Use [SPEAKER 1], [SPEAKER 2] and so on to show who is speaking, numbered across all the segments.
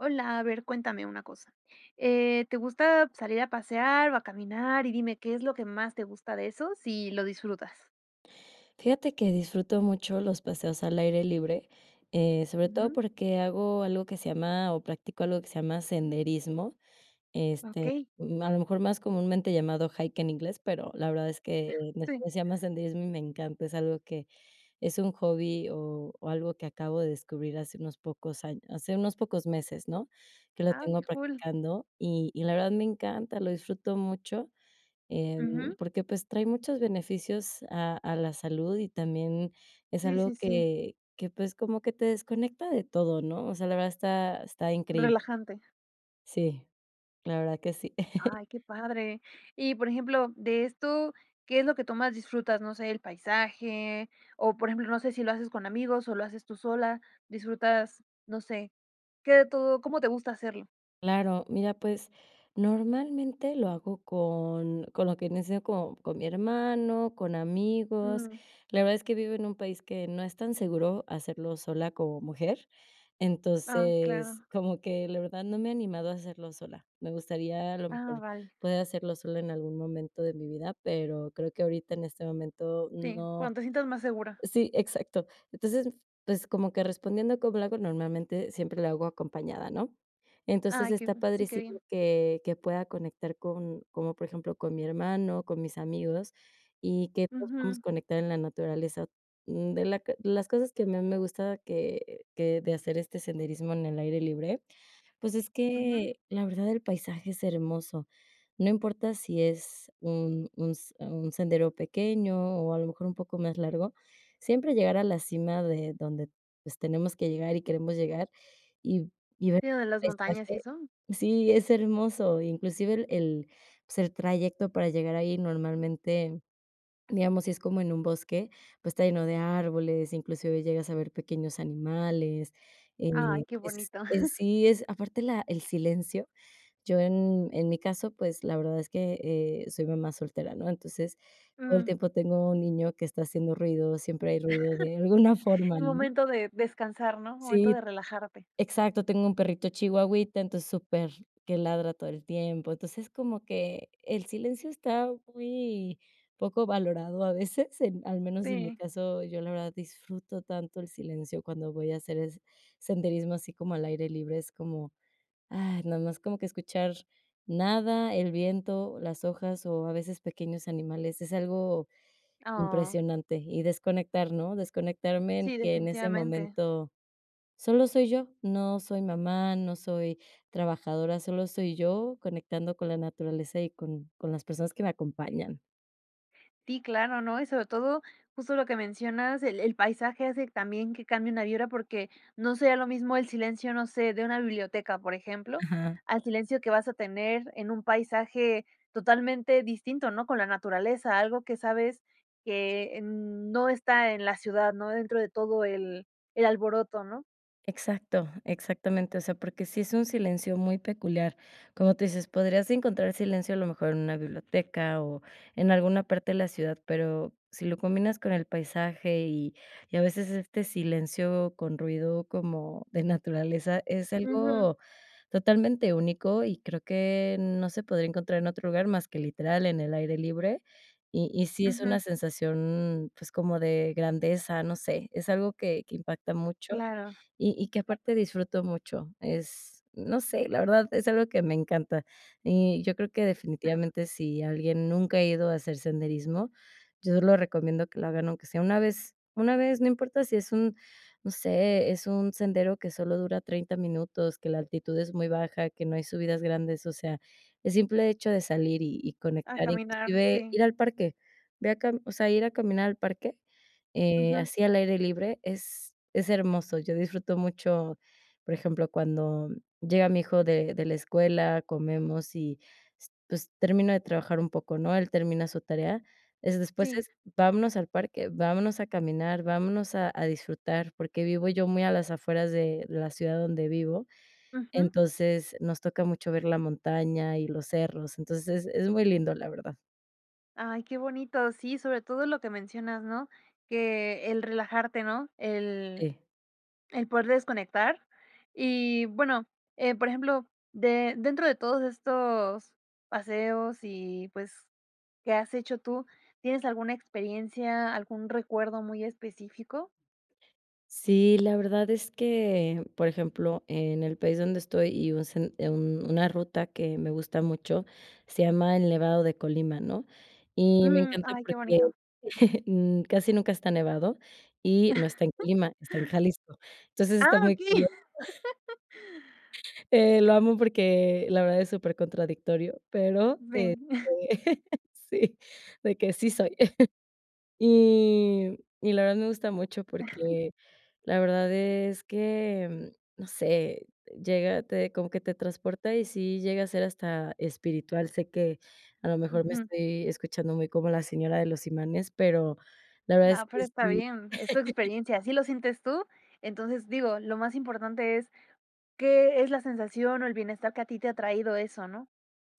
[SPEAKER 1] Hola. A ver, cuéntame una cosa. Eh, ¿te gusta salir a pasear o a caminar? Y dime, ¿qué es lo que más te gusta de eso?, si lo disfrutas.
[SPEAKER 2] Fíjate que disfruto mucho los paseos al aire libre. Eh, Sobre todo
[SPEAKER 1] Ujú.
[SPEAKER 2] porque hago algo que se llama o practico algo que se llama senderismo. Este,
[SPEAKER 1] Okey.
[SPEAKER 2] ma a lo mejor, más comúnmente llamado hike en inglés, pero la verdad es que, en
[SPEAKER 1] Sí.
[SPEAKER 2] español se llama senderismo, y me encanta. Es algo que, es un hobby, o o algo que acabo de descubrir, hace unos pocos añ hace unos pocos meses, ¿no?, que lo
[SPEAKER 1] Ah,
[SPEAKER 2] tengo
[SPEAKER 1] qué cool.
[SPEAKER 2] practicando, y y la verdad, me encanta. Lo disfruto mucho. Em,
[SPEAKER 1] Ujú.
[SPEAKER 2] porque pues, trae muchos beneficios a a la salud. Y también es
[SPEAKER 1] Sí,
[SPEAKER 2] algo
[SPEAKER 1] sí, sí.
[SPEAKER 2] que que pues como que te desconecta de todo, ¿no?, o sea, la verdad está está increíble.
[SPEAKER 1] Relajante.
[SPEAKER 2] Sí. La verdad que sí.
[SPEAKER 1] Ay, qué padre. Y por ejemplo, de esto, ¿qué es lo que tú más disfrutas? No sé, el paisaje, o por ejemplo, no sé si lo haces con amigos, o lo haces tú sola. Disfrutas, no sé. ¿Qué de todo cómo te gusta hacerlo?
[SPEAKER 2] Claro. Mira, pues, normalmente lo hago con con lo que nece con con mi hermano, con amigos.
[SPEAKER 1] Uh.
[SPEAKER 2] La verdad, es que vivo en un país que no es tan seguro hacerlo sola como mujer.
[SPEAKER 1] Ah,
[SPEAKER 2] Entonces,
[SPEAKER 1] claro.
[SPEAKER 2] como que la verdad no me he animado a hacerlo sola. Me gustaría, a lo
[SPEAKER 1] Ah,
[SPEAKER 2] mejor,
[SPEAKER 1] vale.
[SPEAKER 2] poder hacerlo sola en algún momento de mi vida, pero creo que ahorita en este momento
[SPEAKER 1] Sí,
[SPEAKER 2] no
[SPEAKER 1] cuando te sientas más segura.
[SPEAKER 2] Sí, exacto. Entonces, pues, como que respondiendo a cómo le hago, normalmente, siempre lo hago acompañada, ¿no?, entonces
[SPEAKER 1] Ay, qué
[SPEAKER 2] está
[SPEAKER 1] bun sí, qué
[SPEAKER 2] padrísimo
[SPEAKER 1] bien.
[SPEAKER 2] que que pueda conectar con como por ejemplo, con mi hermano, con mis amigos, y que todos podamos
[SPEAKER 1] Ujú.
[SPEAKER 2] conectar en la naturaleza, mm, de la q de las cosas que a más me gusta que que de hacer, este senderismo en el aire libre, pues, es
[SPEAKER 1] Ujú.
[SPEAKER 2] que la verdad, el paisaje es hermoso. No importa si es un un s un sendero pequeño, o a lo mejor un poco más largo, siempre llegar a la cima de donde, pues, tenemos que llegar y queremos llegar, y y ver
[SPEAKER 1] Sí, ¿lo de las
[SPEAKER 2] el
[SPEAKER 1] montañas y
[SPEAKER 2] paisaje
[SPEAKER 1] eso?
[SPEAKER 2] Sí, es hermoso, inclusive el el, pues, trayecto para llegar ahí normalmente, digamos, si es como en un bosque, pues, está lleno de árboles, inclusive llegas a ver pequeños animales, eh,
[SPEAKER 1] Ay, qué
[SPEAKER 2] es
[SPEAKER 1] bonito.
[SPEAKER 2] es Sí, es aparte la el silencio. Yo en en mi caso, pues la verdad es que, eh, soy mamá soltera, ¿no?, entonces, todo el
[SPEAKER 1] Mm.
[SPEAKER 2] tiempo tengo un niño que está haciendo ruido, siempre hay ruido de alguna forma, ¿no?
[SPEAKER 1] Momento de descansar, ¿no?, momento
[SPEAKER 2] Sí.
[SPEAKER 1] de relajarte.
[SPEAKER 2] Exacto. Tengo un perrito chihuahita entonces súper que ladra todo el tiempo. Entonces es como que el silencio está muy poco valorado, a veces, en al menos en mi
[SPEAKER 1] Sí.
[SPEAKER 2] caso, yo la verdad disfruto tanto el silencio cuando voy a hacer es senderismo así como al aire libre es como, ay, nada más como que escuchar nada, el viento, las hojas o a veces pequeños animales, es algo
[SPEAKER 1] Oh.
[SPEAKER 2] impresionante. Y desconectar, ¿no?, desconectarme en
[SPEAKER 1] Sí,
[SPEAKER 2] que en ese
[SPEAKER 1] definitivamente.
[SPEAKER 2] momento, solo soy yo. No soy mamá, no soy trabajadora, solo soy yo conectando con la naturaleza y con con las personas que me acompañan.
[SPEAKER 1] Sí, claro, ¿no? Y sobre todo, justo lo que mencionas, el el paisaje hace también que cambie una vibra porque, no sería lo mismo el silencio, no sé de una biblioteca, por ejemplo,
[SPEAKER 2] Ajá.
[SPEAKER 1] al silencio que vas a tener en un paisaje, totalmente distinto, ¿no?, con la naturaleza, algo que sabes, que, mm, no está en la ciudad, ¿no?, dentro de todo el el alboroto, ¿no?
[SPEAKER 2] Exacto. Exactamente, o sea, porque sí es un silencio muy peculiar. Como tú dices, podrías encontrar silencio a lo mejor en una biblioteca o, en alguna parte de la ciudad. Pero, sí lo combinas con el paisaje y y a veces este silencio con ruido como, de naturaleza, es
[SPEAKER 1] Ujú.
[SPEAKER 2] algo totalmente único y creo que no se podría encontrar en otro lugar más que literal en el aire libre. Y y sí es
[SPEAKER 1] Ujú.
[SPEAKER 2] una sensación, pues como de grandeza, no sé, es algo que que impacta mucho,
[SPEAKER 1] Claro.
[SPEAKER 2] y y que aparte disfruto mucho. Es, no sé la verdad es algo que me encanta. Y yo creo que definitivamente sí alguien nunca ha ido a hacer senderismo, yo lo recomiendo que lo hagan, aunque sea una vez una vez, no importa sí es un, no sé, es un sendero que sólo dura 30 minutos, que la altitud es muy baja, que no hay subidas grandes. O sea, el simple hecho de salir y y
[SPEAKER 1] A
[SPEAKER 2] conectar,
[SPEAKER 1] caminar,
[SPEAKER 2] inclusive
[SPEAKER 1] sí.
[SPEAKER 2] ir al parque, ve a cam o sea, ir a caminar al parque, eh,
[SPEAKER 1] Ujú.
[SPEAKER 2] así al aire libre es es hermoso. Yo disfruto mucho, por ejemplo, cuando llega mi hijo de de la escuela, comemos y s pues termino de trabajar un poco, ¿no?, él termina su tarea. Es después
[SPEAKER 1] Sí.
[SPEAKER 2] es: "Vámonos al parque, vámonos a caminar, vámonos a a disfrutar", porque vivo yo muy a las afueras de la ciudad donde vivo.
[SPEAKER 1] Ujú.
[SPEAKER 2] Entonces nos toca mucho ver la montaña y los cerros, entonces es es muy lindo, la verdad.
[SPEAKER 1] Ay, qué bonito. Sí, sobre todo lo que mencionas, ¿no?, que el relajarte, ¿no?, el
[SPEAKER 2] Sí.
[SPEAKER 1] el poder desconectar. Y bueno, eh, por ejemplo, de dentro de todos estos paseos y, pues, que has hecho tú, ¿tienes alguna experiencia, algún recuerdo muy específico?
[SPEAKER 2] Sí, la verdad es que Por ejemplo, en el país donde estoy, y un sen un una ruta que me gusta mucho, se llama el Nevado de Colima, ¿no?, y me
[SPEAKER 1] Mm.
[SPEAKER 2] encanta
[SPEAKER 1] Ay, qué
[SPEAKER 2] porque
[SPEAKER 1] bonito.
[SPEAKER 2] mm, casi nunca está nevado y, no está en Colima, está en Jalisco. Entonces está
[SPEAKER 1] Ah,
[SPEAKER 2] muy
[SPEAKER 1] okey.
[SPEAKER 2] curio Eh, lo amo, porque la verdad es super contradictorio, pero este,
[SPEAKER 1] Ven.
[SPEAKER 2] sí. De que sí soy. Y y la verdad, me gusta mucho porque la verdad es que, no sé, llega te como que te transporta, y sí llega a ser hasta espiritual. Sé que, a lo mejor me
[SPEAKER 1] Ujú.
[SPEAKER 2] estoy escuchando, muy como la señora de los imanes, pero la verdad es
[SPEAKER 1] No,
[SPEAKER 2] que
[SPEAKER 1] pero está
[SPEAKER 2] sí.
[SPEAKER 1] bien. Es tu experiencia. Así lo sientes tú. Entonces digo, lo más importante es qué es la sensación o el bienestar que a ti te ha traído eso, ¿no?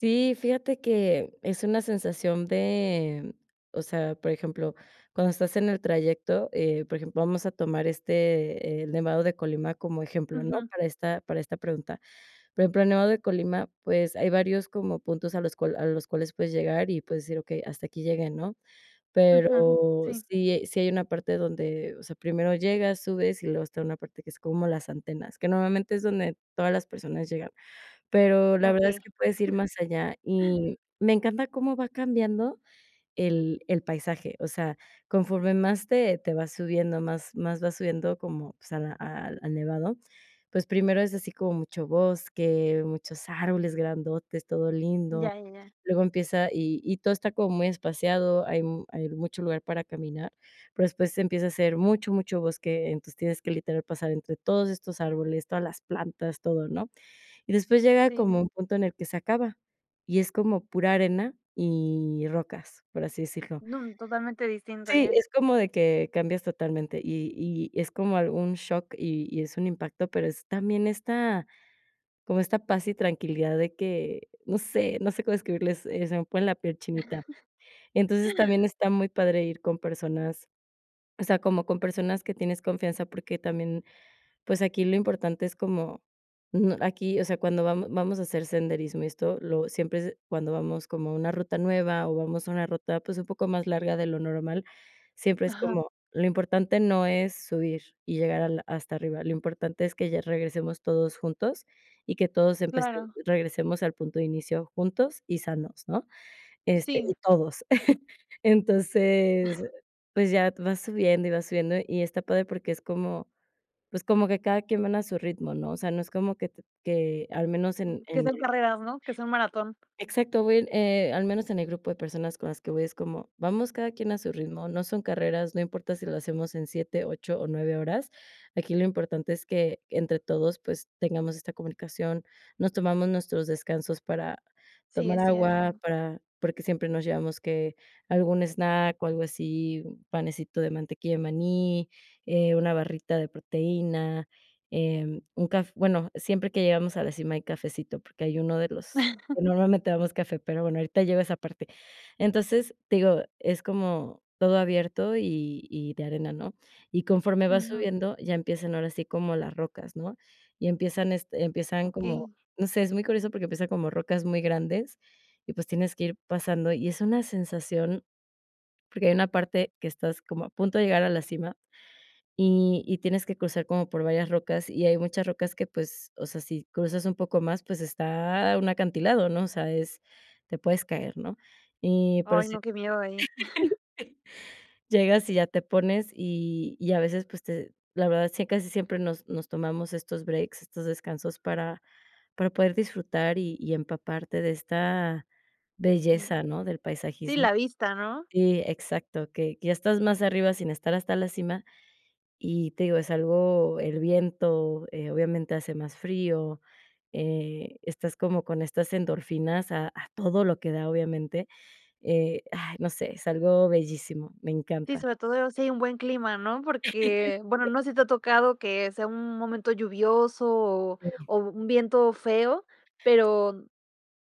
[SPEAKER 2] Sí, fíjate que es una sensación de o sea, por ejemplo, cuando estás en el trayecto, eh, por ejemplo, vamos a tomar, este, el Nevado de Colima como ejemplo, ¿no?,
[SPEAKER 1] Ujú.
[SPEAKER 2] para esta para esta pregunta, por ejemplo, el Nevado de Colima, pues, hay varios como puntos a los cual a los cuales puedes llegar y puedes decir: "Okey, hasta aquí llegué", ¿no?,
[SPEAKER 1] Ujú.
[SPEAKER 2] pero
[SPEAKER 1] Sí.
[SPEAKER 2] sí sí hay una parte donde, o sea, primero llegas, subes, y luego está una parte que es como las antenas, que normalmente es donde todas las personas llegan. Pero la verdad es
[SPEAKER 1] Okey.
[SPEAKER 2] que puedes ir más allá, y me encanta cómo va cambiando el el paisaje, o sea, conforme más te te vas subiendo más más vas subiendo como, pues, a la al al nevado. Pues, primero es así como mucho bosque, muchos árboles grandotes, todo lindo.
[SPEAKER 1] Ya, ya, ya.
[SPEAKER 2] Luego empieza y y todo está como muy espaciado, hay m hay mucho lugar para caminar, pero después empieza a ser mucho, mucho bosque, entonces tienes que literal pasar entre todos estos árboles, todas las plantas, todo, ¿no?, y después llega
[SPEAKER 1] Sí,
[SPEAKER 2] como
[SPEAKER 1] sí.
[SPEAKER 2] un punto en el que se acaba, y es como pura arena y rocas, por así decirlo.
[SPEAKER 1] No, totalmente distinto
[SPEAKER 2] Sí,
[SPEAKER 1] ya.
[SPEAKER 2] es como de que cambias totalmente y y es como algún shock, y y es un impacto, pero es también esta, como esta paz y tranquilidad de que, no sé no sé cómo describirles, eh, se me pone la piel chinita. Entonces también está muy padre ir con personas o sea, como con personas que tienes confianza, porque también, pues aquí lo importante es como mm, aquí, o sea, cuando vamo vamos a hacer senderismo y esto, lo siempre cuando vamos como a una ruta nueva o vamos a una ruta, pues, un poco más larga de lo normal, siempre es
[SPEAKER 1] Ajá.
[SPEAKER 2] como lo importante no es subir y llegar a la hasta arriba, lo importante es que ya regresemos todos juntos, y que todos empece
[SPEAKER 1] Claro.
[SPEAKER 2] regresemos al punto de inicio juntos y sanos, ¿no?, este,
[SPEAKER 1] Sí.
[SPEAKER 2] y todos. Entonces, pues, ya vas subiendo y vas subiendo y está padre porque es como pues, como que cada quien van a su ritmo, ¿no?, o sea, no es como que t que al menos en
[SPEAKER 1] Mm, que
[SPEAKER 2] en
[SPEAKER 1] son carreras, ¿no?, que son maratón.
[SPEAKER 2] Exacto, voy en, eh, al menos en el grupo de personas con las que voy es como vamos, cada quien a su ritmo, no son carreras, no importa si lo hacemos en 7, 8, o 9 horas, aquí lo importante es que entre todos, pues, tengamos esta comunicación. Nos tomamos nuestros descansos para
[SPEAKER 1] Sí,
[SPEAKER 2] tomar
[SPEAKER 1] es
[SPEAKER 2] agua,
[SPEAKER 1] cierto.
[SPEAKER 2] para porque siempre nos llevamos que algún snack o algo así, panecito de mantequilla de maní, eh, una barrita de proteína, eh, un caf bueno, siempre que llegamos a la cima hay cafecito porque hay uno de los pues, normalmente damos café, pero bueno, ahorita llego a esa parte. Entonces te digo, es como todo abierto y y de arena, ¿no?, y conforme vas
[SPEAKER 1] Ujú.
[SPEAKER 2] subiendo, ya empiezan ahora así como las rocas, ¿no?, y empiezan, este, empiezan como
[SPEAKER 1] Okey.
[SPEAKER 2] no sé, es muy curioso porque empiezan como rocas muy grandes, y pues, tienes que ir pasando, y es una sensación porque hay una parte que estás como a punto de llegar a la cima y y tienes que cruzar como por varias rocas y hay muchas rocas que, pues, o sea, si cruzas un poco más, pues, está un acantilado, ¿no?, o sea, es te puedes caer, ¿no? Y pero
[SPEAKER 1] Ay,
[SPEAKER 2] sí.
[SPEAKER 1] no, qué miedo ahí.
[SPEAKER 2] Llegas y ya te pones, y y a veces pues te la verdad sí acá sí, siempre nos nos tomamos estos breaks, estos descansos para para poder disfrutar y y empaparte de esta
[SPEAKER 1] Mm.
[SPEAKER 2] belleza, ¿no?, del
[SPEAKER 1] Sí,
[SPEAKER 2] paisajismo
[SPEAKER 1] la vista, ¿no?
[SPEAKER 2] Sí, exacto, que que ya estás más arriba sin estar hasta la cima. Y te digo, es algo el viento, eh, obviamente hace más frío, eh, estás como con estas endorfinas a a todo lo que da obviamente, eh, ay, no sé, es algo bellísimo. Me
[SPEAKER 1] Sí,
[SPEAKER 2] encanta.
[SPEAKER 1] sobre todo si hay un buen clima, ¿no?, porque, bueno,
[SPEAKER 2] Sí.
[SPEAKER 1] no sé si te ha tocado que sea un momento lluvioso, o
[SPEAKER 2] Sí.
[SPEAKER 1] o un viento feo, pero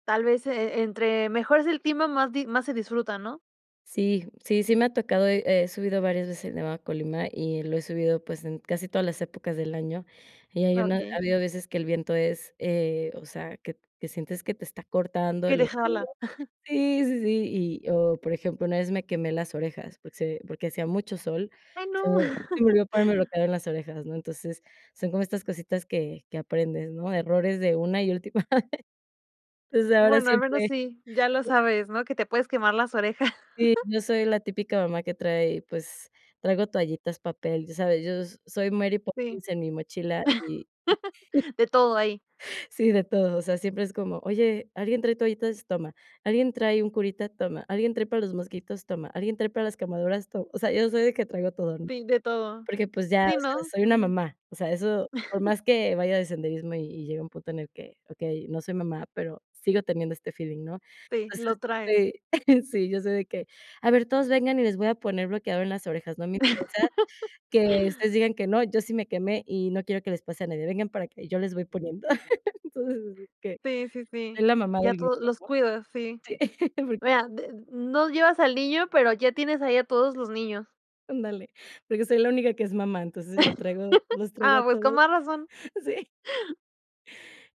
[SPEAKER 1] tal vez e entre mejor es el clima, más di más se disfruta, ¿no?
[SPEAKER 2] Sí. Sí, sí me ha tocado. He he subido varias veces, el Nevado de Colima, y lo he subido, pues en casi todas las épocas del año. Y hay una ha
[SPEAKER 1] Okey.
[SPEAKER 2] habido veces que el viento es, eh, o sea, que t que sientes que te está cortando de
[SPEAKER 1] Que
[SPEAKER 2] lo frío.
[SPEAKER 1] dejarla.
[SPEAKER 2] Sí, sí, sí. Y o por ejemplo, una vez me quemé las orejas, porque se porque hacía mucho sol.
[SPEAKER 1] Ay,
[SPEAKER 2] Se
[SPEAKER 1] no.
[SPEAKER 2] me ol se me olvido ponerme bloqueador en las orejas, ¿no?, entonces, son como estas cositas que que aprendes, ¿no? Errores de una y última. Desde ahora,
[SPEAKER 1] Bueno, al menos
[SPEAKER 2] siempre
[SPEAKER 1] sí, ya lo
[SPEAKER 2] e
[SPEAKER 1] sabes, ¿no? Que te puedes quemar las orejas.
[SPEAKER 2] Sí, yo soy la típica mamá que trae pues traigo toallitas, papel. Ya sabes, yo s soy Mary
[SPEAKER 1] Sí.
[SPEAKER 2] Poppins, en mi mochila y
[SPEAKER 1] De todo ahí.
[SPEAKER 2] Sí, de todo. O sea, siempre es como: "Oye, ¿alguien trae toallitas?". "Toma". "¿Alguien trae un curita?". "Toma". "¿Alguien trae para los mosquitos?" "Toma". "¿Alguien trae para las quemaduras?". "Toma". O sea, yo soy de que traigo todo, ¿no?
[SPEAKER 1] Sí, de todo.
[SPEAKER 2] Porque pues ya, o
[SPEAKER 1] Sí,
[SPEAKER 2] sea,
[SPEAKER 1] no,
[SPEAKER 2] soy una
[SPEAKER 1] ujú.
[SPEAKER 2] mamá. O sea, eso por más que vaya de senderismo y y llega un punto en el que Okey, no soy mamá, pero sigo teniendo este feeling, ¿no?
[SPEAKER 1] Sí,
[SPEAKER 2] Entonces,
[SPEAKER 1] lo trae.
[SPEAKER 2] este Sí, yo soy de que: "A ver, todos vengan y les voy a poner bloqueador en las orejas. No me interesa que ustedes digan que no. Yo sí me quemé, y no quiero que les pase a nadie. Vengan para acá, y yo les voy poniendo". Entonces, es que
[SPEAKER 1] Sí, sí, sí.
[SPEAKER 2] soy la mamá
[SPEAKER 1] Ya
[SPEAKER 2] del grupo,
[SPEAKER 1] todos
[SPEAKER 2] ¿no?
[SPEAKER 1] Los cuidas. Sí.
[SPEAKER 2] Sí, por
[SPEAKER 1] Vea de no llevas al niño, pero ya tienes ahí a todos los niños.
[SPEAKER 2] Ándale, porque soy la única que es mamá. Entonces lo traigo los traigo
[SPEAKER 1] Ah,
[SPEAKER 2] a
[SPEAKER 1] pues con
[SPEAKER 2] todos
[SPEAKER 1] más razón.
[SPEAKER 2] sí.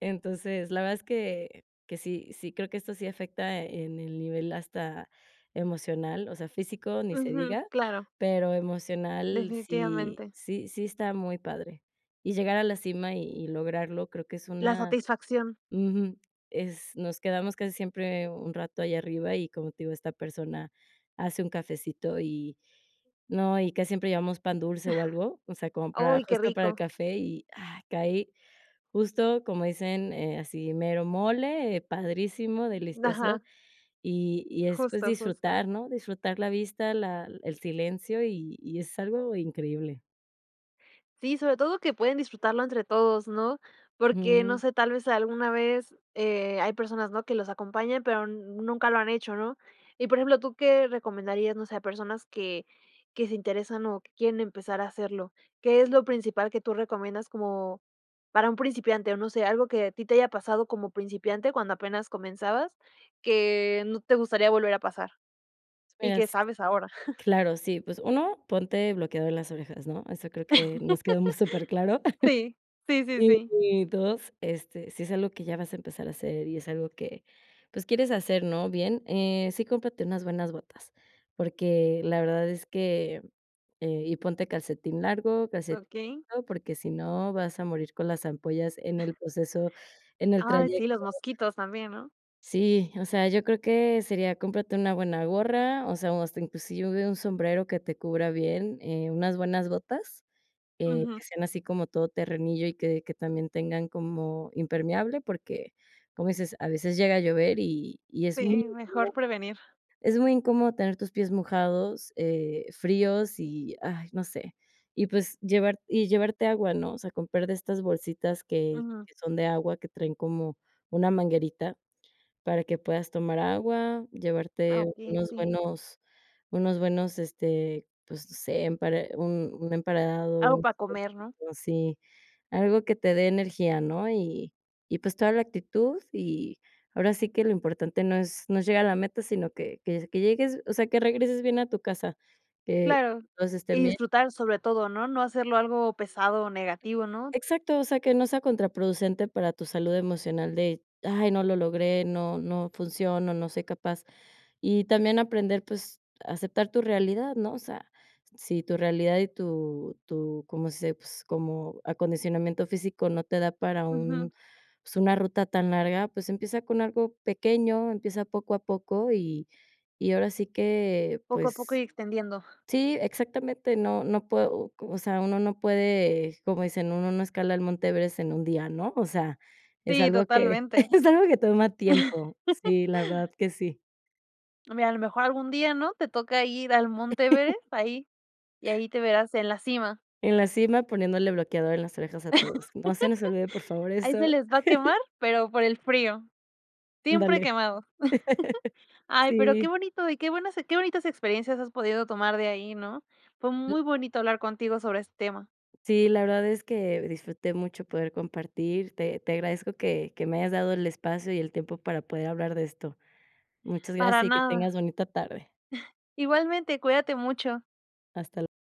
[SPEAKER 2] Entonces, la verdad es que que sí, sí, creo que esto sí afecta en el nivel hasta emocional, o sea, físico, ni se
[SPEAKER 1] Ujú,
[SPEAKER 2] diga,
[SPEAKER 1] claro.
[SPEAKER 2] pero emocional, sí
[SPEAKER 1] Definitivamente.
[SPEAKER 2] sí sí está muy padre, y llegar a la cima y y lograrlo, creo que es
[SPEAKER 1] La
[SPEAKER 2] una
[SPEAKER 1] satisfacción.
[SPEAKER 2] Ujú. Es nos quedamos casi siempre un rato allá arriba, y como te digo esta persona hace un cafecito, y no. Y casi siempre llevamos pan dulce o algo, o sea, como para
[SPEAKER 1] Uy, qué
[SPEAKER 2] justo para el
[SPEAKER 1] rico.
[SPEAKER 2] café y, ah, caí justo como dicen, eh, así mero mole, eh, padrísimo, delicioso,
[SPEAKER 1] Ajá.
[SPEAKER 2] y y después
[SPEAKER 1] Justo, justo.
[SPEAKER 2] disfrutar, ¿no?, disfrutar la vista, la el silencio, y y es algo increíble.
[SPEAKER 1] Sí, sobre todo que pueden disfrutarlo entre todos, ¿no?, porque no
[SPEAKER 2] Mm.
[SPEAKER 1] sé, tal vez alguna vez, eh, hay personas, ¿no?, que los acompañan, pero nunca lo han hecho, ¿no? Y por ejemplo, ¿tú qué recomendarías, no sé, a personas que que se interesan o que quieren empezar a hacerlo? ¿Qué es lo principal que tú recomiendas como para un principiante, o no sé, algo que a ti te haya pasado como principiante, cuando apenas comenzabas, que no te gustaría volver a pasar,
[SPEAKER 2] Pues
[SPEAKER 1] y
[SPEAKER 2] mira
[SPEAKER 1] qué
[SPEAKER 2] s
[SPEAKER 1] sabes ahora?
[SPEAKER 2] claro, sí, pues 1, ponte bloqueador en las orejas, ¿no?, eso creo que nos quedó muy superclaro.
[SPEAKER 1] Sí, sí, sí, sí.
[SPEAKER 2] Y 2, este, si es algo que ya vas a empezar a hacer y es algo que pues quieres hacer, ¿no?, bien, eh, sí, cómprate unas buenas botas, porque la verdad es que, eh y ponte calcetín largo, calcetín,
[SPEAKER 1] Okey.
[SPEAKER 2] [unintelligible] porque si no vas a morir con las ampollas en el proceso, en el
[SPEAKER 1] Ay,
[SPEAKER 2] trayecto.
[SPEAKER 1] sí, los mosquitos también, ¿no?
[SPEAKER 2] Sí, o sea, yo creo que sería, cómprate una buena gorra, o sea, hasta inclusive un sombrero que te cubra bien, eh, unas buenas botas, eh,
[SPEAKER 1] Ujú.
[SPEAKER 2] que sean así como todo terrenillo, y que que también tengan como impermeable porque como dices, a veces llega a llover, y y es
[SPEAKER 1] Sí,
[SPEAKER 2] muy [unintelligible]
[SPEAKER 1] mejor prevenir.
[SPEAKER 2] es muy incómodo tener tus pies mojados, eh, fríos y, ay, no sé, y pues llevar y llevarte agua, ¿no?, o sea, comprar de estas bolsitas que
[SPEAKER 1] Ujú.
[SPEAKER 2] que son de agua, que traen como una manguerita para que puedas tomar agua,
[SPEAKER 1] Ah,
[SPEAKER 2] llevarte
[SPEAKER 1] okey,
[SPEAKER 2] unos
[SPEAKER 1] sí.
[SPEAKER 2] buenos unos buenos, este, pues no sé, empare un un
[SPEAKER 1] Algo
[SPEAKER 2] emparedado
[SPEAKER 1] para
[SPEAKER 2] [unintelligible]
[SPEAKER 1] comer, ¿no?
[SPEAKER 2] sí, algo que te dé energía, ¿no?, y y pues toda la actitud, y ahora sí que lo importante no es no es llegar a la meta, sino que que s que llegues o sea, que regreses bien a tu casa, que
[SPEAKER 1] Claro,
[SPEAKER 2] todos estén
[SPEAKER 1] y
[SPEAKER 2] bien.
[SPEAKER 1] disfrutar, sobre todo, ¿no?, no hacerlo algo pesado o negativo, ¿no?
[SPEAKER 2] Exacto. O sea, que no sea contraproducente para tu salud emocional de: "Ay, no lo logré. No, no funciono, no soy capaz", y también aprender, pues aceptar tu realidad, ¿no?, o sea, si tu realidad y tu tu ¿cómo se dice?, pues como acondicionamiento físico no te da para
[SPEAKER 1] Ujú.
[SPEAKER 2] un pues, una ruta tan larga, pues, empieza con algo pequeño. Empieza poco a poco, y y ahora sí que
[SPEAKER 1] Poco a poco
[SPEAKER 2] pues
[SPEAKER 1] y extendiendo.
[SPEAKER 2] Sí, exactamente. No, no puedo o o sea, uno no puede como dicen: "Uno no escala el Monte Everest en un día, ¿no?" O sea, es
[SPEAKER 1] Sí,
[SPEAKER 2] algo que
[SPEAKER 1] totalmente.
[SPEAKER 2] es algo que toma tiempo. Sí, la verdad que sí.
[SPEAKER 1] No hombre, y a lo mejor algún día, ¿no?, te toca ir al Monte Everest, ahí, y ahí te verás en la cima.
[SPEAKER 2] En la cima poniéndole bloqueador en las orejas a todos. No se nos olvide, por favor
[SPEAKER 1] Ahí se
[SPEAKER 2] eso.
[SPEAKER 1] les va a quemar, pero por el frío, siempre
[SPEAKER 2] Ándale.
[SPEAKER 1] quemado. Ay, pero qué
[SPEAKER 2] Sí.
[SPEAKER 1] bonito, y qué buenas e qué bonitas experiencias has podido tomar de ahí, ¿no? Fue
[SPEAKER 2] L
[SPEAKER 1] muy bonito hablar contigo sobre este tema.
[SPEAKER 2] Sí, la verdad es que disfruté mucho poder compartir. Te te agradezco que que me hayas dado el espacio y el tiempo para poder hablar de esto. Muchas
[SPEAKER 1] Para
[SPEAKER 2] gracias y que
[SPEAKER 1] nada.
[SPEAKER 2] tengas bonita tarde.
[SPEAKER 1] Igualmente. Cuídate mucho.
[SPEAKER 2] Hasta l